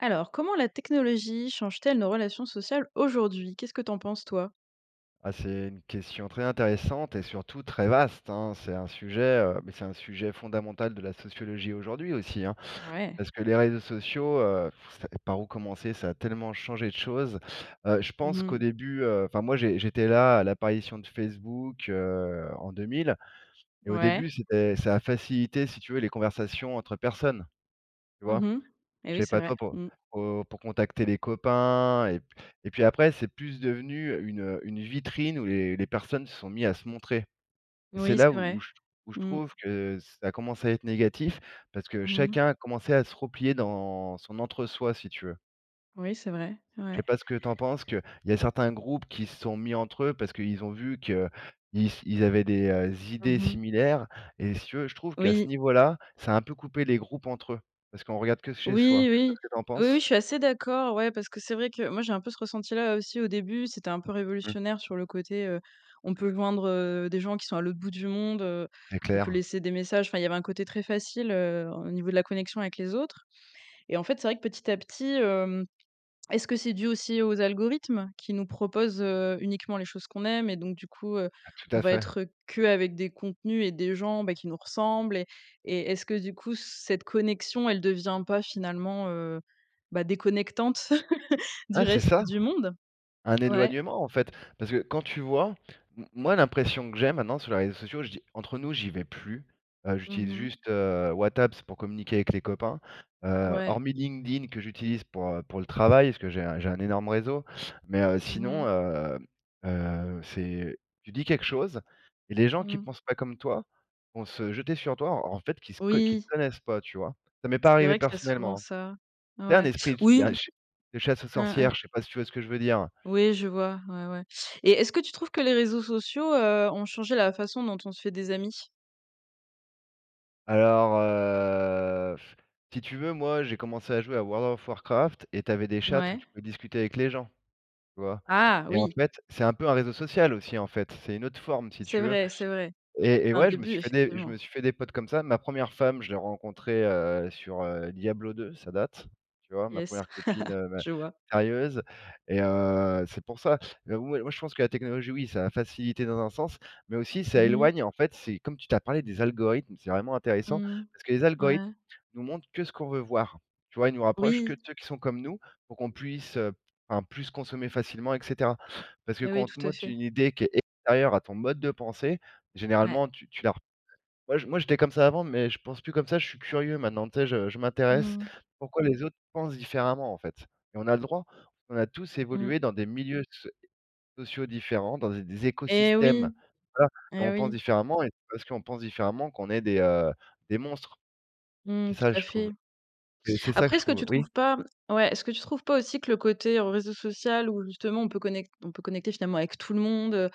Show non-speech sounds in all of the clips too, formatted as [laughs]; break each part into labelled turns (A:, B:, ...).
A: Alors, comment la technologie change-t-elle nos relations sociales aujourd'hui? Qu'est-ce que tu en penses, toi?
B: Ah c'est une question très intéressante et surtout très vaste hein, c'est un sujet, heu, mais c'est un sujet fondamental de la sociologie aujourd'hui aussi, hein.
A: Ouais.
B: Parce que les réseaux sociaux, heu, ça par où commencer? Ça a tellement changé de choses. Heu, je
A: Mmh
B: pense qu'au
A: mh.
B: début, heu, enfin moi, j'ai j'étais là à l'apparition de Facebook, heu, en 2000 et au
A: Ouais.
B: début c'était ça a facilité, si tu veux, les conversations entre personnes, tu vois?
A: Mmh mh et
B: Je
A: oui,
B: sais
A: c'est
B: pas
A: vrai.
B: toi, pour
A: Mmh.
B: pour, heu, pour contacter les copains et, p et puis après c'est plus devenu une, heu, une vitrine où les les personnes se sont mis à se montrer et c'est
A: Oui,
B: là
A: c'est
B: où où
A: vrai.
B: je t où je
A: Mmh.
B: trouve que ça a commencé à être négatif, parce que
A: Mmh mh.
B: chacun a commencé à se replier dans son entre-soi, si tu veux
A: Oui, c'est vrai,
B: je
A: ouais.
B: sais pas ce que tu en penses qu'il y a certains groupes qui se sont mis entre eux, parce qu'ils ont vu qu'ils s ils avaient des, heu, idées
A: Mmh mh.
B: similaires et si tu veux, je trouve qu'à ce
A: Oui.
B: niveau là, ça a un peu coupé les groupes entre eux. Parce qu'on regarde que chez soi.
A: Oui,
B: Je sais pas
A: oui.
B: ce que tu en
A: Oui, oui,
B: penses?
A: je suis assez d'accord, ouais, parce que c'est vrai que, moi, j'ai un peu ce ressenti là, aussi au début, c'était un peu
B: Mmh.
A: révolutionnaire sur le côté, heu, on peut joindre, heu, des gens qui sont à l'autre bout du monde, heu,
B: C'est
A: on peut
B: clair.
A: laisser des messages, enfin, il y avait un côté très facile, heu, en au niveau de la connexion avec les autres et en fait, c'est vrai que petit à petit, hem, est-ce que c'est dû aussi aux algorithmes qui nous proposent, heu, uniquement les choses qu'on aime? Et donc du coup, heu,
B: Ah tout
A: on
B: à
A: va
B: fait.
A: être, heu, qu'avec des contenus et des gens, bah, qui nous ressemblent? Et et est-ce que du coup, cette connexion, elle devient pas finalement, heu, bah, déconnectante, [laughs] du
B: Ouais c'est
A: reste
B: ça,
A: du monde?
B: un
A: Ouais.
B: éloignement en fait, parce que, quand tu vois m moi l'impression que j'ai maintenant sur les réseaux sociaux, je dis entre nous, j'y vais plus, heu,
A: Mmh
B: j'utilise
A: mh.
B: juste, heu, WhatApps pour communiquer avec les copains. Heu,
A: Ouais.
B: hormis LinkedIn que j'utilise pour, heu, pour le travail parce que j'ai un j'ai un énorme réseau. Mais, heu,
A: Mmh
B: sinon,
A: mh.
B: hem, heu, c'est, tu dis quelque chose et les gens qui
A: Mmh.
B: pensent pas comme toi vont se jeter sur toi, en en fait qui se co qui te
A: Oui.
B: connaissent pas, tu vois? Ça m'est pas
A: C'est
B: arrivé
A: vrai qu'il y a souvent
B: personnellement, hein.
A: ça.
B: C'est un
A: Ouais.
B: esprit d d'un
A: Oui.
B: ch de chasse aux
A: Mmh mh.
B: sorcières, je sais pas si tu vois ce que je veux dire?
A: Oui, je vois, ouais, ouais. Et est-ce que tu trouves que les réseaux sociaux, heu, ont changé la façon dont on se fait des amis?
B: Alors, heu, [blows air] si tu veux moi j'ai commencé à jouer à World of Warcraft et tu avais des chat où
A: Mouais.
B: tu pouvais discuter avec les gens, tu vois?
A: Ah
B: Et en
A: oui.
B: fait, c'est un peu un réseau social aussi en fait, c'est une autre forme si
A: C'est
B: tu veux
A: vrai, c'est vrai.
B: et
A: C'était
B: et
A: un
B: ouais je me
A: début,
B: suis fait des je
A: effectivement.
B: me suis fait des potes comme ça. Ma 1re femme je l'ai rencontrée, heu, sur, heu, Diablo 2 ça date, tu vois? Ma
A: Yes,
B: 1re copine,
A: [chuckles]
B: hem, ben,
A: je vois.
B: sérieuse et heu, c'est pour ça. Heu, moi moi je pense que la technologie, oui ça a facilité dans un sens, mais aussi ça
A: Mmh mh.
B: éloigne, en fait. C'est comme tu tu as parlé des algorithmes, c'est vraiment intéressant
A: Mmh.
B: parce que les algorithmes
A: Ouais.
B: nous montrent que ce qu'on veut voir, tu vois? Ils nous rapprochent que
A: Oui.
B: de ceux qui sont comme nous pour qu'on puisse, heu, p enfin plus consommer facilement et cetera. Parce que
A: Et
B: quand
A: ouais,
B: on te
A: tout à
B: montre
A: fait.
B: une idée qui est extérieure à ton mode de pensée,
A: Ouais.
B: généralement tu tu la r moi je moi j'étais comme ça avant mais je pense plus comme ça, je suis curieux maintenant, tu sais, je je m'intéresse
A: Mmh.
B: pourquoi les autres pensent différemment, en fait et on a le droit, on a tous
A: Mmh.
B: évolué dans des milieux soé sociaux différents, dans des des
A: Et
B: écosystèmes
A: oui!
B: voilà et
A: Et
B: on pense
A: oui!
B: différemment et c'est pas parce qu'on pense différemment qu'on est des, heu, des monstres. C'est
A: Mmh tout
B: ça,
A: à
B: je trouve
A: fait.
B: et c'est ça que
A: Après,
B: je
A: est-ce que
B: trouve.
A: tu
B: Oui?
A: trouves pas, mmh ouais, est-ce que tu trouves pas aussi que le côté au réseau social où l justement, on peut connec on peut connecter, finalement, avec tout le monde, heu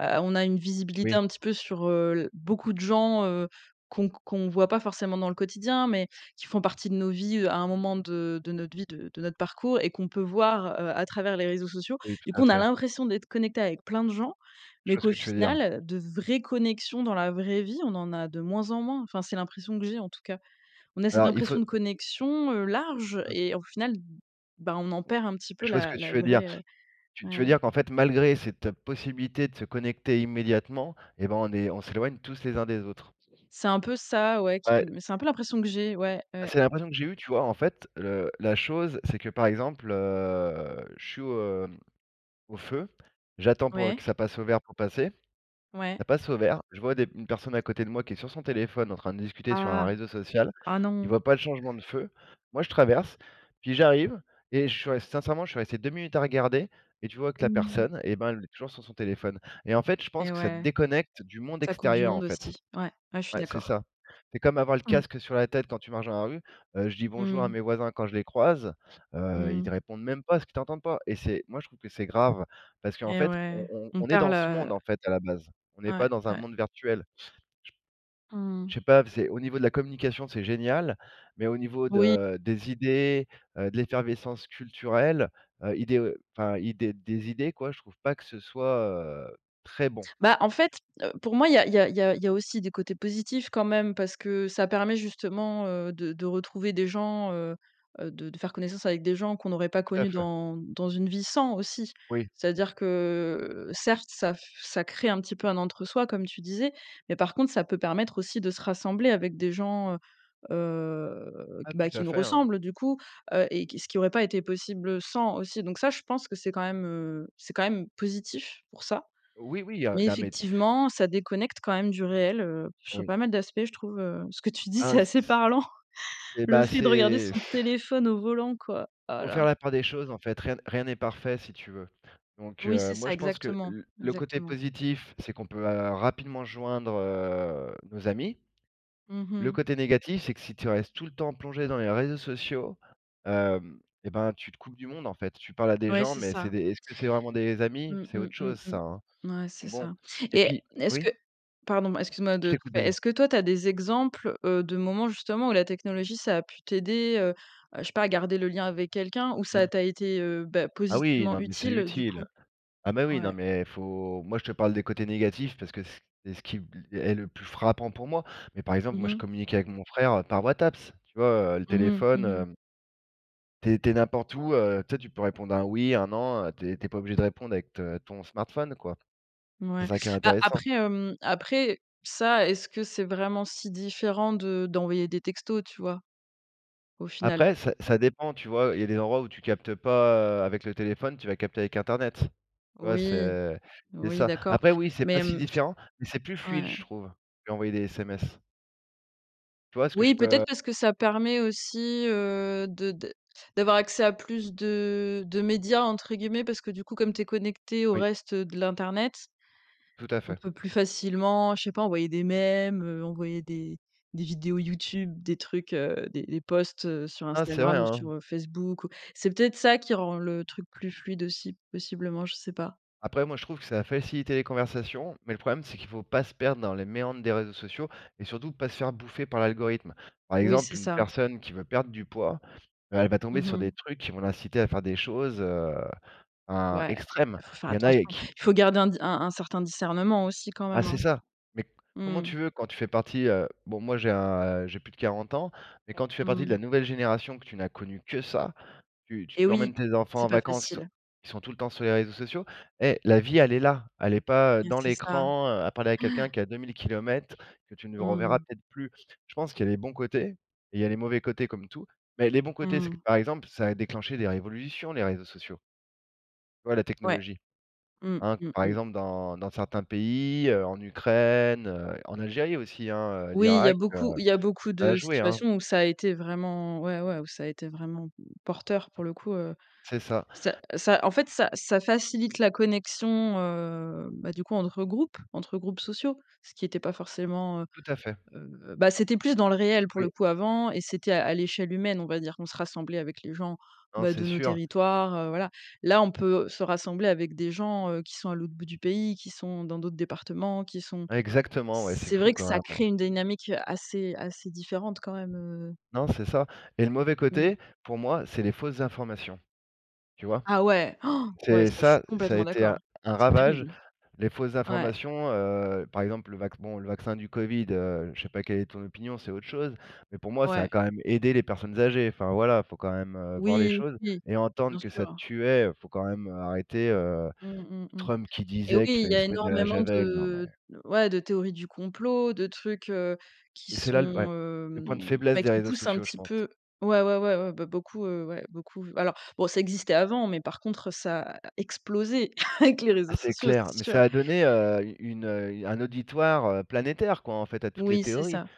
A: heu, on a une visibilité
B: Oui.
A: un petit peu sur, heu, l beaucoup de gens, heu, qu'on q qu'on voit pas forcément dans le quotidien, mais qui font partie de nos vies, heu, à un moment de de notre vie, de de notre parcours et qu'on peut voir, heu, à travers les réseaux sociaux.
B: Oui, tout
A: Du
B: à
A: coup, on a
B: fait.
A: l'impression d'être connecté avec plein de gens,
B: Je
A: mais
B: vois ce
A: qu'au
B: que tu veux dire.
A: final, heu, de vraies connexions dans la vraie vie, on en a de moins en moins. Enfin, c'est l'impression que j'ai, en tout cas on a cette
B: Alors il faut
A: impression de connexion, heu, large
B: Mmh.
A: et au final, b ben on en perd un petit peu
B: Je vois ce
A: la
B: que
A: la
B: tu veux dire.
A: vraie, heu
B: Tu tu veux
A: ouais.
B: dire qu'en fait, malgré cette, heu, possibilité de se connecter immédiatement et ben on est on s'éloigne tous les uns des autres.
A: C'est un peu ça, ouais, qui
B: Ouais.
A: me c'est un peu l'impression que j'ai ouais,
B: Bah,
A: ouais.
B: c'est l'impression que j'ai eu, tu vois? En fait, le la chose c'est que, par exemple, heu, je suis au, hem, au feu, j'attends pour, heu,
A: Ouais.
B: que ça passe au vert pour passer.
A: Ouais.
B: Ça passe au vert, je vois des m une personne à côté de moi qui est sur son téléphone en train de discuter sur un
A: Ah!
B: réseau social,
A: Ah
B: il
A: non!
B: voit pas le changement de feu, moi je traverse puis j'arrive et je suis res sincèrement, je suis resté deux minutes à regarder et tu vois que la
A: Mmh.
B: personne et ben, elle est toujours sur son téléphone et en fait, je pense
A: Eh
B: que ça te
A: ouais.
B: déconnecte du monde
A: Ça coupe du
B: extérieur, en
A: monde
B: fait.
A: aussi. Ouais, ouais, je suis
B: Ouais c'est
A: d'accord.
B: ça, c'est comme avoir le
A: Mmh.
B: casque sur la tête quand tu marches dans la rue, heu, je dis: «bonjour» à
A: Mmh.
B: mes voisins quand je les croise, heu, ils
A: Mmh.
B: te répondent même pas parce qu'ils t'entendent pas et c'est, moi je trouve que c'est grave parce qu'en
A: Et
B: fait,
A: ouais,
B: on on
A: on
B: on est
A: perd
B: dans ce
A: le
B: monde, en fait, à la base, on n'est
A: Ouais,
B: pas dans un
A: ouais.
B: monde virtuel.
A: Mmh.
B: J p je sais pas v c'est au niveau de la communication, c'est génial mais au niveau
A: Oui.
B: de des idées, heu, de l'effervescence culturelle, heu, idéo enfin, idée des idées quoi, je trouve pas que ce soit, heu, très bon.
A: Bah, en fait, heu, pour moi, il y a il y a il y a il y a aussi des côtés positifs quand même parce que ça permet justement, heu, de de retrouver des gens, heu heu, de de faire connaissance avec des gens qu'on n'aurait pas
B: Tout à
A: connus
B: fait.
A: dans dans une vie sans aussi.
B: Oui.
A: C'est-à-dire que certes, ça f ça crée un petit peu un entre soi comme tu disais. Mais par contre, ça peut permettre aussi de se rassembler avec des gens, heu heu,
B: Ah,
A: q
B: tout
A: bah, qui
B: à
A: nous
B: fait, hein.
A: ressemblent du coup, heu et qui ce qui aurait pas été possible, heu, sans aussi. Donc ça, je pense que c'est quand même, heu, c'est quand même positif pour ça.
B: Oui oui, heu,
A: Mais
B: non mais t
A: effectivement, ça déconnecte quand même du réel, heu, sur
B: Oui.
A: pas mal d'aspects je trouve, heu, ce que tu dis,
B: Ah
A: c'est
B: s
A: assez
B: s
A: parlant,
B: et
A: le
B: bah,
A: fait, de regarder
B: c'est
A: son
B: [blows air]
A: téléphone au volant quoi. Oh
B: Faut
A: là.
B: faire la part des choses, en fait, rien n rien n'est parfait, si tu veux. Donc
A: Oui,
B: heu,
A: c'est ça
B: moi je pense que
A: exactement,
B: l le côté
A: exactement.
B: positif, c'est qu'on peut, heu, rapidement joindre, heu, nos amis.
A: Mmh
B: Le
A: mh.
B: côté négatif, c'est que si tu restes tout le temps plongé dans les réseaux sociaux, hem et ben tu te coupes du monde, en fait. Tu parles à des
A: Ouais,
B: gens
A: c'est
B: mais c'est
A: ça.
B: des, est-ce que c'est vraiment des amis,
A: Mmh,
B: c'est
A: mmh,
B: autre
A: mmh,
B: chose ça,
A: mmh.
B: hein.
A: Mouais, c'est
B: Donc bon
A: ça
B: et
A: et
B: puis
A: n est-ce
B: oui?
A: que pardon, m excuse-moi
B: Je
A: de te
B: t'écoute
A: couper.
B: vas-y.
A: Est-ce que toi tu as des exemples, heu, de moments justement où la technologie, ça a pu t'aider, heu heu, je sais pas à garder le lien avec quelqu'un ou ça
B: Mmh.
A: t'a été, heu, beh,
B: Ah oui,
A: positivement
B: non mais c'est
A: utile, heu, du
B: utile.
A: coup
B: Ah mais oui, non
A: Ouais.
B: mais faut moi je te parle des côtés négatifs parce que ce q c'est ce qui b l est le plus frappant pour moi. Mais, par exemple,
A: Mmh
B: moi je
A: mh.
B: communique avec mon frère, heu, par WhatsApp, tu vois, heu, le
A: Mmh mh.
B: téléphone,
A: Mmh mh.
B: hem Tu es tu es n'importe
A: [unintelligible]
B: où, heu, tu sais tu peux répondre un «oui», un «non», heu, tu es tu es pas obligé de répondre avec te ton smartphone, quoi. C'est
A: Mouais.
B: ça qui est
A: A
B: intéressant.
A: après, hem, après ça, est-ce que c'est vraiment si différent de d'envoyer des textos, tu vois? Au final.
B: Après ça ça dépend, tu vois? Il y a des endroits où tu captes pas, heu, avec le téléphone, tu vas capter avec internet, tu vois?
A: Oui.
B: C'est c'est
A: Oui
B: ça.
A: d'accord,
B: Après oui, c'est pas
A: mais,
B: si
A: mmh.
B: différent, mais c'est plus fluide
A: Ouais.
B: je trouve, qu'envoyer des SMS. Tu vois ce que je
A: Oui,
B: peux
A: peut-être, parce que ça permet aussi, heu, de d d'avoir accès à plus de de «médias», entre guillemets. Parce que du coup, comme tu es connecté au
B: Oui.
A: reste, heu, de l'internet,
B: Tout à
A: on
B: fait.
A: peut plus facilement, je sais pas: envoyer des mèmes, heu, envoyer des des vidéos YouTube, des trucs, heu, des des posts sur
B: Ah, c'est vrai,
A: Instagram ou
B: hein.
A: sur, heu, Facebook. C'est peut-être ça, qui rend le truc plus fluide aussi, possiblement, je sais pas.
B: Après, moi je trouve que ça a facilité les conversations, mais le problème c'est qu'il faut pas se perdre dans les méandres des réseaux sociaux et surtout pas se faire bouffer par l'algorithme. Par
A: Oui, c'est
B: exemple, une
A: ça.
B: personne qui veut perdre du poids, heu, elle va tomber
A: Mmh
B: sur
A: mh.
B: des trucs qui vont l'inciter à faire des choses, heu, im
A: Ouais,
B: extrême.
A: bah faut faire
B: Il y en
A: attention.
B: a qui
A: Il faut garder un di un un certain discernement aussi, quand
B: Ah
A: même,
B: c'est
A: hein.
B: ça. Mais c comment
A: Mmh.
B: tu veux quand tu fais partie, heu bon, moi j'ai un a j'ai plus de 40 ans, mais quand tu fais partie de la
A: Mmh.
B: nouvelle génération que tu n'as connu que ça, tu tu
A: Eh
B: tu
A: oui.
B: emmènes tes enfants
A: C'est
B: en
A: pas
B: vacances, ils sont
A: facile.
B: ils sont tout le temps sur les réseaux sociaux. Eh, la vie elle est là, elle est pas, heu,
A: Yes,
B: dans
A: c'est ça.
B: l'écran, heu, à parler à
A: Ouais.
B: quelqu'un qui est à 2 000 kilomètres que tu ne
A: Mmh
B: reverras
A: mh.
B: peut-être plus. Je pense qu'il y a les bons côtés et il y a les mauvais côtés comme tout, mais les bons côtés, c'est
A: Mmh
B: que
A: mh.
B: par exemple, ça a déclenché des révolutions, les réseaux sociaux. Ouais, la
A: Ouais.
B: technologie.
A: Mmh,
B: Hein,
A: mmh,
B: par
A: mmh.
B: exemple dans dans certains pays, heu, en Ukraine, heu, en Algérie aussi, hein, heu,
A: Oui, il y a
B: l'Irak,
A: beaucoup il y a beaucoup
B: ça a
A: de
B: joué, hein.
A: situations où ça a été vraiment ouais, ouais, où ça a été vraiment, mmh, porteur pour le coup. Heu,
B: C'est ça.
A: ça ça en fait, ça ça facilite la connexion, heu, bah, du coup, entre groupes entre groupes sociaux. Ce qui était pas forcément heu
B: Tout à fait.
A: heu, bah, c'était plus dans le réel, pour le
B: Oui.
A: coup, avant et c'était à à l'échelle humaine, on va dire. On se rassemblait avec les gens,
B: Non,
A: bah,
B: c'est
A: de nos
B: sûr.
A: territoires, heu, voilà. Là, on peut se rassembler avec des gens, heu, qui sont à l'autre bout du pays, qui sont dans d'autres départements, qui sont
B: Exactement, ouais, c'est
A: c'est
B: fou
A: vrai que
B: quand
A: ça
B: même, hein.
A: crée une dynamique, heu, assez assez différente quand même, heu
B: Non, c'est ça, et le mauvais
A: Mmh.
B: côté, pour moi, c'est les fausses informations. Tu vois?
A: Ah ouais.! [gasps] Ouais,
B: C'est
A: ça, je suis
B: ça ça a
A: complètement
B: été un
A: d'accord.
B: un
A: C'est
B: ravage,
A: terrible.
B: les fausses
A: Ouais.
B: informations, heu, par exemple, le vacc bon, le vaccin du covid, heu, je sais pas quelle est ton opinion, c'est autre chose, mais pour moi, ça a
A: Ouais.
B: quand même aider les personnes âgées. Enfin, voilà, il faut quand même, heu, voir les
A: Oui,
B: choses
A: oui,
B: et entendre
A: bien
B: que ça
A: sûr.
B: tuait, heu, faut quand même, heu, arrêter, heu,
A: Mmh, mmh, mmh,
B: Trump qui
A: et oui,
B: disait qu'il
A: il y
B: fallait
A: a
B: se mettre de la
A: énormément
B: javel, non mais
A: de ouais, de théories du complot, de trucs, heu, qui
B: et c'est là, l ouais,
A: sont,
B: le point de
A: hem,
B: faiblesse
A: bah,
B: des
A: qui
B: réseaux
A: poussent un
B: sociaux, je
A: petit
B: pense.
A: peu ouais, ouais, ouais, ouais, bah, beaucoup, heu, ouais, beaucoup. Alors, bon, ça existait avant, mais par contre, ça a explosé [chuckles] avec les
B: Ah,
A: réseaux
B: c'est
A: sociaux,
B: clair,
A: c'est
B: mais
A: sûr.
B: ça a donné, heu, une, heu, un auditoire, heu, planétaire, quoi, en fait, à toutes les
A: Oui, c'est
B: théories.
A: ça.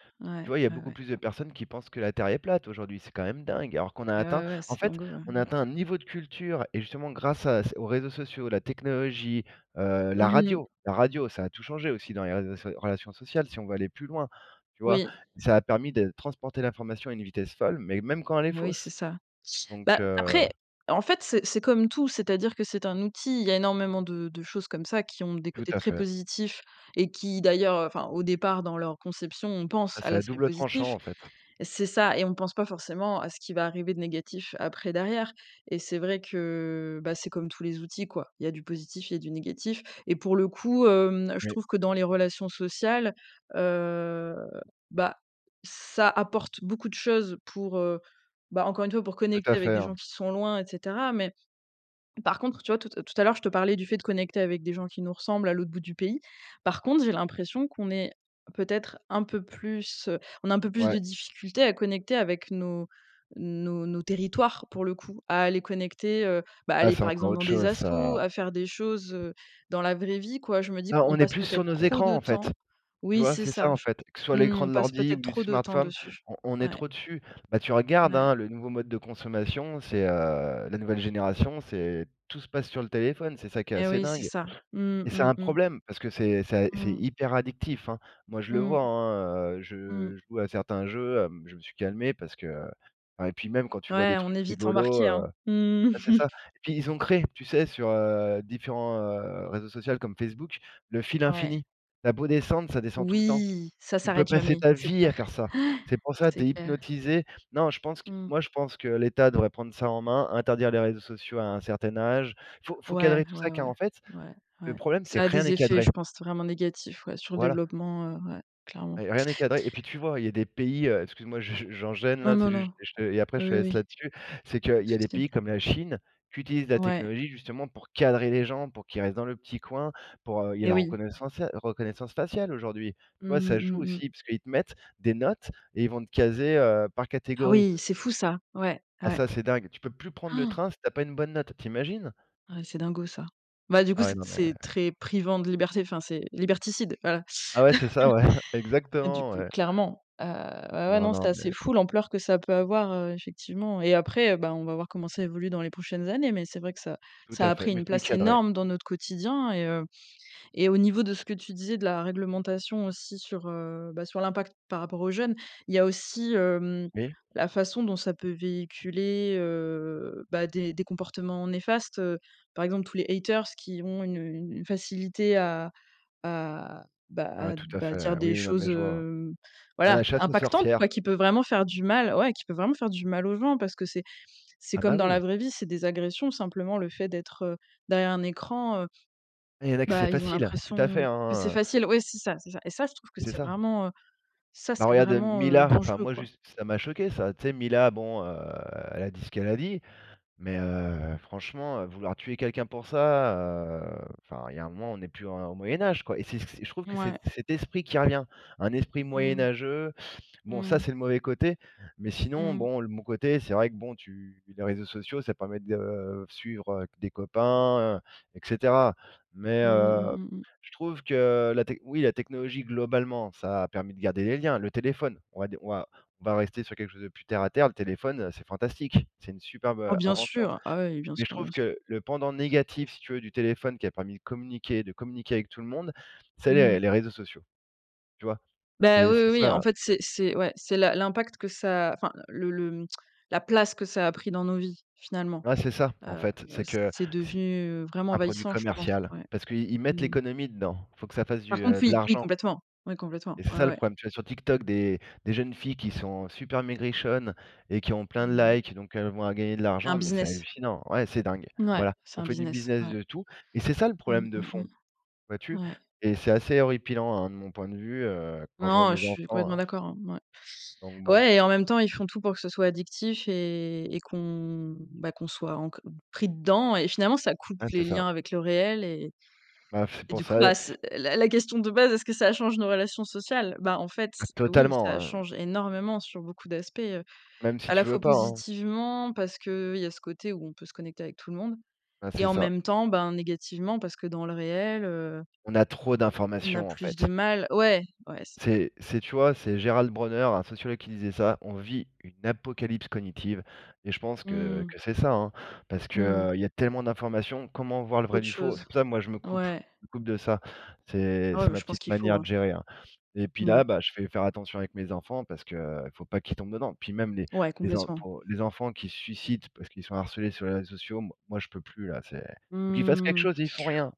B: Tu
A: Ouais,
B: vois? Il y a
A: ouais,
B: beaucoup
A: ouais.
B: plus de personnes qui pensent que la Terre est plate, aujourd'hui. C'est quand même dingue, alors qu'on a
A: Ouais,
B: atteint
A: ouais, ouais,
B: en
A: c'est
B: fait,
A: dingo, ouais,
B: on a
A: m
B: atteint un niveau de culture et justement, grâce à c aux réseaux sociaux, la technologie, heu, la
A: Mmh mh.
B: radio la radio, ça a tout changé aussi dans les réseaux so relations sociales, si on veut aller plus loin, tu vois?
A: Oui.
B: Ça a permis de transporter l'information à une vitesse folle mais même quand elle est
A: Mais oui, c'est
B: fausse,
A: ça.
B: donc
A: Bah
B: heu
A: après, en fait, c'est c'est comme tout, c'est-à-dire que c'est un outil. Il y a énormément de de choses comme ça qui ont des
B: Tout
A: côtés
B: à
A: très
B: fait.
A: positifs et qui, d'ailleurs, enfin, au départ, dans leur conception, on pense
B: Bah,
A: à
B: c'est à
A: l'aspect
B: double tranchant,
A: positif.
B: en fait.
A: C'est ça et on ne pense pas forcément à ce qui va arriver de négatif après, derrière, et c'est vrai que, bah, c'est comme tous les outils, quoi. Il y a du positif, il y a du négatif et pour le coup, hem, je
B: Oui.
A: trouve que dans les relations sociales, heu, bah, ça apporte beaucoup de choses pour, heu, bah, encore une fois, pour
B: Tout
A: connecter
B: à
A: avec
B: fait,
A: des
B: hein.
A: gens qui sont loin, et cetera, mais par contre, tu vois? Tout à tout à l'heure, je te parlais du fait de connecter avec des gens qui nous ressemblent à l'autre bout du pays. Par contre, j'ai l'impression qu'on est peut-être un peu plus heu, on a un peu plus
B: Ouais.
A: de difficulté à connecter avec nos nos nos territoires, pour le coup, à aller connecter, heu, bah,
B: Ah,
A: aller,
B: c'est
A: par
B: encore
A: exemple, dans
B: autre
A: des
B: chose,
A: assos,
B: ça.
A: à faire des choses, heu, dans la vraie vie, quoi. Je me dis:
B: Ben,
A: «On
B: on est
A: passe
B: plus sur
A: peut-être
B: nos
A: trop de
B: écrans, en fait.
A: temps»
B: Tu
A: oui,
B: vois?
A: c'est
B: C'est ça,
A: ça
B: en
A: je
B: fait. Que ce soit
A: t mmh.
B: l'écran
A: On
B: de
A: passe
B: l'ordi ou
A: peut-être
B: du
A: trop de temps
B: smartphone,
A: dessus.
B: on on est
A: Ouais.
B: trop dessus. Ben, tu regardes,
A: Ouais.
B: hein, le nouveau mode de consommation, c'est, heu, la nouvelle génération, c'est tout se passe sur le téléphone. C'est ça qui est
A: Eh
B: assez
A: oui, c'est
B: dingue
A: ça, mmh
B: et c'est
A: mmh
B: un
A: mmh.
B: problème, parce que c'est ça c'est
A: Mmh.
B: hyper addictif, hein. Moi, je le
A: Mmh.
B: vois, hein, heu,
A: Mmh.
B: je joue à certains jeux, hem, je me suis calmé parce que enfin et puis même quand tu vois?
A: Ouais,
B: Des
A: on
B: trucs
A: est vite
B: rigolos,
A: embarqués,
B: heu
A: hein, mmh mh,
B: bah, c'est
A: mmh.
B: ça, et puis ils ont créé, tu sais, sur, heu, différents, heu, réseaux social comme Facebook, le fil
A: Ouais.
B: infini. Tu as beau descendre, ça descend tout le temps.
A: Oui, ça
B: Tu peux
A: s'arrête
B: passer
A: jamais,
B: ta
A: c'est
B: vie à
A: clair.
B: faire ça.
A: Ouais.
B: C'est pour ça, tu
A: C'est
B: es
A: clair.
B: hypnotisé. Non, je pense que
A: Mmh.
B: moi je pense que l'État devrait prendre ça en main, interdire les réseaux sociaux à un certain âge. Faut faut
A: Ouais,
B: cadrer tout
A: ouais,
B: ça
A: ouais,
B: car en fait,
A: ouais,
B: le
A: ouais.
B: problème, c'est:
A: Ça a
B: rien
A: des
B: n'est
A: effets,
B: cadré.
A: je pense, vraiment négatifs, ouais, sur le
B: Voilà.
A: développement, heu, ouais. Clairement.
B: Rien n'est cadré et puis, tu vois? Il y a des pays, heu, excuse-moi, je j'enchaine,
A: Non,
B: là,
A: non,
B: c'est juste,
A: non.
B: heu, je te et après
A: Oui,
B: je te
A: oui,
B: laisse
A: oui.
B: là-dessus. C'est
A: Pas
B: qu'il
A: de
B: y a des
A: souci.
B: pays comme la Chine qui utilisent la
A: Ouais.
B: technologie justement pour cadrer les gens pour qu'ils restent dans le petit coin, pour, heu, il y a
A: Eh
B: la
A: oui.
B: reconnaissance ciale reconnaissance faciale, aujourd'hui. Tu
A: Mmh
B: vois? Ça
A: mh,
B: joue
A: mmh mh.
B: aussi, parce qu'ils te mettent des notes et ils vont te caser, heu, par
A: Ah
B: catégorie.
A: oui, c'est fou, ça! Ouais,
B: Ah,
A: ouais.
B: ça, c'est dingue, tu peux plus prendre le
A: [gasps]
B: train si tu as pas une bonne note. Tu imagines?
A: Ouais, c'est dingo, ça. Bah, du coup,
B: Ah, ouais,
A: c'est
B: non, mais
A: c'est très privant de liberté, enfin, c'est liberticide, voilà.
B: Ah ouais, c'est ça, ouais. [chuckles]
A: [chuckles] Hein, du
B: Exactement,
A: coup,
B: ouais.
A: clairement, heu, ouais, ouais,
B: Non,
A: non, c'est
B: non,
A: assez
B: mais
A: fou, l'ampleur que ça peut avoir, heu, effectivement, et après, ben, on va voir comment ça évolue dans les prochaines années, mais c'est vrai que ça
B: Tout à
A: ça a
B: fait,
A: pris
B: mais
A: une
B: il faut y
A: place
B: cadrer.
A: énorme dans notre quotidien et heu, et au niveau de ce que tu disais, de la réglementation aussi sur, heu, bah, sur l'impact par rapport aux jeunes. Il y a aussi, hem,
B: Oui.
A: la façon dont ça peut véhiculer, heu, bah, des des comportements néfastes. Heu, par exemple, tous les haters qui ont une, heu, une facilité à à, bah
B: Ah,
A: à,
B: tout à
A: bah, à
B: fait,
A: dire
B: hein.
A: des
B: Oui, oui, non,
A: choses,
B: mais je vois, ouais.
A: hem,
B: Bah,
A: voilà,
B: la chasse aux
A: impactantes, quoi,
B: sorcières.
A: qui peut vraiment faire du mal ouais, qui peuvent vraiment faire du mal aux gens parce que c'est c'est
B: Ah, bah,
A: comme dans la
B: oui.
A: vraie vie, c'est des agressions. Simplement, le fait d'être, heu, derrière un écran, heu,
B: Ah, il y en a que
A: bah,
B: c'est
A: ils ont
B: facile. Tout à
A: l'impression
B: fait,
A: que c'est
B: hein, heu
A: facile. Oui, c'est ça, c'est ça et ça, je trouve que
B: C'est
A: c'est
B: ça.
A: vraiment heu, ça,
B: Bah,
A: c'est
B: regarde, heu,
A: vraiment, heu,
B: Mila, enfin
A: dangereux,
B: moi,
A: quoi.
B: juste, ça m'a choqué, ça. Tu sais, Mila, bon, heu, elle a dit ce qu'elle a dit, mais heu, franchement, heu, vouloir tuer quelqu'un pour ça, heu, enfin, il y a un moment, on n'est plus en au Moyen Âge, quoi et c'est c'est je trouve que c'est
A: Mouais.
B: cet esprit qui revient. Un esprit
A: Mmh.
B: moyenâgeux. Bon, ça,
A: Mmh.
B: c'est le mauvais côté mais sinon,
A: Mmh.
B: bon, le bon côté, c'est vrai que bon, tu les réseaux sociaux, ça permet de suivre, heu, des copains, et cetera, mais
A: Mmh mh, mmh
B: heu,
A: mh, mmh.
B: je trouve que la tech oui, la technologie, globalement, ça a permis de garder les liens. Le téléphone, on va dire, on va on va rester sur quelque chose de plus terre à terre. Le téléphone, heu, c'est fantastique. C'est une superbe,
A: Ah
B: heu,
A: bien
B: invention,
A: sûr, ah, ouais, oui, bien
B: mais je
A: sûr, bien
B: trouve
A: sûr.
B: que le pendant négatif, si tu veux, du téléphone qui a permis de communiquer de communiquer avec tout le monde, c'est les
A: Mmh.
B: les réseaux sociaux. Tu vois?
A: Ben
B: C'est
A: oui,
B: c'est
A: oui, oui.
B: ça,
A: En
B: ouais.
A: fait, c'est c'est ouais, c'est la l'impact que ça enfin, le le mmh, la place que ça a pris dans nos vies, finalement,
B: Ouais, c'est ça, en
A: heu
B: fait,
A: heu,
B: c'est que
A: c'est
B: c'est
A: devenu vraiment
B: un produit
A: envahissant, je pense,
B: commercial
A: ouais.
B: parce qu'ils mettent
A: Mmh mh.
B: l'économie dedans. Il faut que ça fasse
A: Par
B: du,
A: contre,
B: heu, de
A: oui, oui,
B: l'argent
A: complètement. Oui, complètement.
B: et c'est
A: Ouais,
B: ça, le
A: ouais.
B: problème, tu vois? Sur TikTok, des des jeunes filles qui sont super maigrichonnes et qui ont plein de
A: [unintelligible]
B: likes, donc elles vont à gagner de
A: Un
B: l'argent, mais c'est
A: business.
B: hallucinant. Ouais, c'est dingue.
A: Ouais,
B: Voilà,
A: c'est
B: on
A: un
B: fait du
A: business,
B: business
A: ouais.
B: de tout et c'est ça, le
A: Mmh
B: problème de
A: mmh,
B: fond,
A: mmh.
B: vois-tu?
A: Ouais.
B: Et c'est assez horripilant, hein, de mon point de vue, heu, quand je vois
A: Non, je
B: mes
A: suis
B: enfants,
A: complètement
B: hein
A: d'accord, hein, ouais.
B: donc bon.
A: Ouais, et en même temps, ils font tout pour que ce soit addictif et et qu'on, bah, qu'on soit enco pris dedans et finalement, ça coupe
B: Hein, c'est
A: les
B: ça.
A: liens avec le réel, et
B: Ben, [blows air] c'est
A: et
B: pour
A: du coup,
B: ça, il y
A: bah, c la la question de base: «Est-ce que ça change nos relations sociales?» bah, en fait,
B: Ah,
A: oui,
B: totalement,
A: ça
B: hein.
A: change énormément sur beaucoup d'aspects, heu,
B: Même si
A: à la
B: tu veux
A: fois
B: pas, hein.
A: positivement parce qu'il y a ce côté où on peut se connecter avec tout le monde
B: Bah,
A: et
B: c'est
A: en
B: ça.
A: même temps, ben, négativement parce que, dans le réel, heu
B: On a trop
A: on a
B: d'informations, en
A: plus
B: fait.
A: de mal ouais, ouais, c'est ça.
B: C'est c'est tu vois? C'est Gérald Bronner, un sociologue qui disait ça: «On vit une apocalypse cognitive», et je pense que
A: Mmh.
B: que c'est ça, hein parce que,
A: Mmh.
B: heu, il y a tellement d'informations. Comment voir le vrai
A: Autre
B: du faux? C'est
A: chose,
B: pour ça que moi, je me coupe
A: ouais.
B: me coupe de ça, c'est
A: Ouais,
B: c'est
A: mais
B: ma
A: je pense
B: petite
A: qu'il faut,
B: manière de
A: hein.
B: gérer, hein et puis,
A: Mmh.
B: là, ben, je vais faire attention avec mes enfants parce que, heu, faut pas qu'ils tombent dedans. Puis même, les
A: Ouais,
B: les en
A: complètement.
B: pou les enfants qui se suicident parce qu'ils sont harcelés sur les réseaux sociaux, moi moi, je peux plus, là. C'est faut qu'ils fassent quelque
A: Mmh,
B: chose et ils font rien!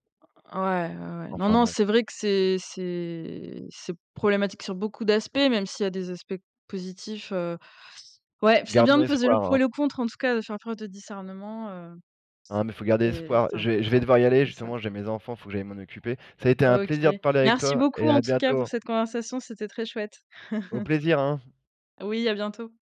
A: ouais, ouais, ouais. Non,
B: Enfin
A: non,
B: bon.
A: c'est vrai que c'est c'est c'est problématique sur beaucoup d'aspects, même s'il y a des aspects positifs, heu, ouais, c'est bien
B: Gardons
A: de peser le
B: espoir,
A: pour et
B: hein.
A: le contre, en tout cas, de faire preuve de discernement, heu
B: Hein, mais faut garder
A: c'est
B: espoir.
A: c'est
B: Je vais je vais
A: important.
B: devoir y aller
A: C'est ça.
B: justement. J'ai mes enfants, faut que j'aille m'en occuper. Ça a été un
A: OK,
B: plaisir de parler avec
A: merci
B: toi
A: beaucoup,
B: et
A: en
B: à
A: tout cas, pour
B: bientôt.
A: cette conversation, c'était très chouette.
B: Au
A: [chuckles]
B: plaisir, hein!
A: Oui, à bientôt.